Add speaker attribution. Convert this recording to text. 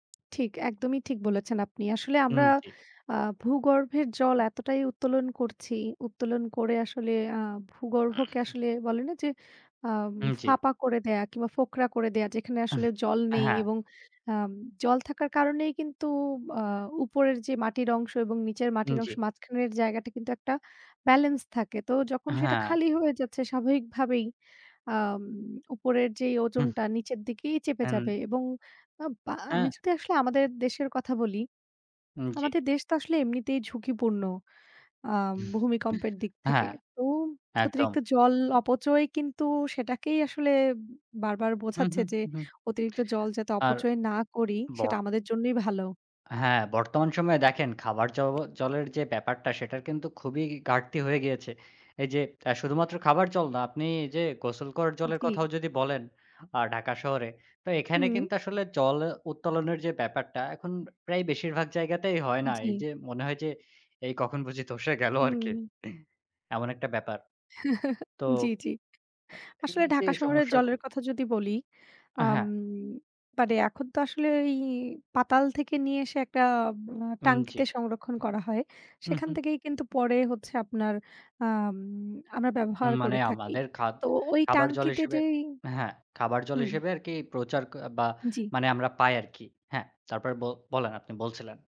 Speaker 1: ঠিক, একদমই ঠিক বলেছেন আপনি। আসলে,
Speaker 2: হুম,
Speaker 1: আমরা
Speaker 2: জি।
Speaker 1: আ ভূগর্ভের জল এতটাই উত্তোলন করছি, উত্তোলন করে আসলে আ ভূগর্ভকে আসলে বলেনা যে আ
Speaker 2: উম, জি।
Speaker 1: ফাঁপা করে দেয়া কিংবা ফোকরা করে দেয়া। যেখানে আসলে জল
Speaker 2: অ্যাঁ
Speaker 1: নেই
Speaker 2: হ্যাঁ।
Speaker 1: এবং আ জল থাকার কারণেই কিন্তু আ উপরের ও যে মাটির অংশ এবং নিচের
Speaker 2: উম
Speaker 1: মাটির
Speaker 2: জি।
Speaker 1: অংশের মাঝখানের জায়গাটা কিন্তু একটা ব্যালেন্স থাকে। তো যখন সেটা
Speaker 2: হ্যাঁ।
Speaker 1: খালি হয়ে যাচ্ছে, স্বাভাবিকভাবেই আ উপরের যেই
Speaker 2: হুম।
Speaker 1: ওজনটা নিচের দিকেই চেপে
Speaker 2: অ্যান্ড
Speaker 1: যাবে। এবং আব আ আমি
Speaker 2: অ্যা।
Speaker 1: যদি আসলে আমাদের দেশের কথা বলি,
Speaker 2: উম, জি।
Speaker 1: আমাদের দেশ তো আসলে এমনিতেই ঝুঁকিপূর্ণ আম ভূমিকম্পের দিক থেকে।
Speaker 2: হ্যাঁ,
Speaker 1: তো
Speaker 2: একদম।
Speaker 1: অতিরিক্ত জল অপচয় কিন্তু সেটাকেই আসলে বারবার বোঝাচ্ছে
Speaker 2: উমহু,
Speaker 1: যে,
Speaker 2: উঁহু।
Speaker 1: অতিরিক্ত জল যাতে
Speaker 2: আর
Speaker 1: অপচয় না করি, সেটা
Speaker 2: বর
Speaker 1: আমাদের জন্যই ভালো।
Speaker 2: হ্যাঁ, বর্তমান সময়ে দেখেন খাবার জবও জলের যে ব্যাপারটা, সেটার কিন্তু খুবই ঘাটতি হয়ে গিয়েছে। এই যে আ শুধুমাত্র খাবার জল না, আপনি এই যে গোসল করার জলের
Speaker 1: জি।
Speaker 2: কথাও যদি বলেন আ ঢাকা শহরে, তো এখানে
Speaker 1: হুম।
Speaker 2: কিন্তু আসলে জল উত্তোলনের যে ব্যাপারটা এখন প্রায় বেশিরভাগ জায়গাতেই হয় না। এই
Speaker 1: জি।
Speaker 2: যে মনে হয় যে, এই কখন বুঝি ধসে গেলো আরকি
Speaker 1: হুম।
Speaker 2: এমন একটা ব্যাপার। তো
Speaker 1: জি, জি।
Speaker 2: আ
Speaker 1: আসলে
Speaker 2: [unintelligible]
Speaker 1: ঢাকা
Speaker 2: এই যে
Speaker 1: শহরে জলের
Speaker 2: সমস্যাগুলো
Speaker 1: কথা যদি বলি,
Speaker 2: অ্যাঁ
Speaker 1: আম
Speaker 2: হ্যাঁ।
Speaker 1: মানে এখন তো আসলে ওই পাতাল থেকে নিয়ে এসে একটা আ
Speaker 2: হুম জি।
Speaker 1: ট্যাঙ্কিতে সংরক্ষণ করা হয়। সেখান
Speaker 2: উহুম।
Speaker 1: থেকেই কিন্তু পরে হচ্ছে আপনার আম আমরা ব্যবহার
Speaker 2: উম মানে
Speaker 1: করে থাকি।
Speaker 2: আমাদের খাদ
Speaker 1: তো ওই
Speaker 2: খাবার জল
Speaker 1: ট্যাঙ্কিতে
Speaker 2: হিসেবে
Speaker 1: যেই
Speaker 2: হ্যাঁ, খাবার জল
Speaker 1: হুম।
Speaker 2: হিসেবে আরকি প্রচার ক বা
Speaker 1: জি।
Speaker 2: মানে আমরা পাই আরকি। হ্যাঁ, তারপরে ব বলেন, আপনি বলছিলেন।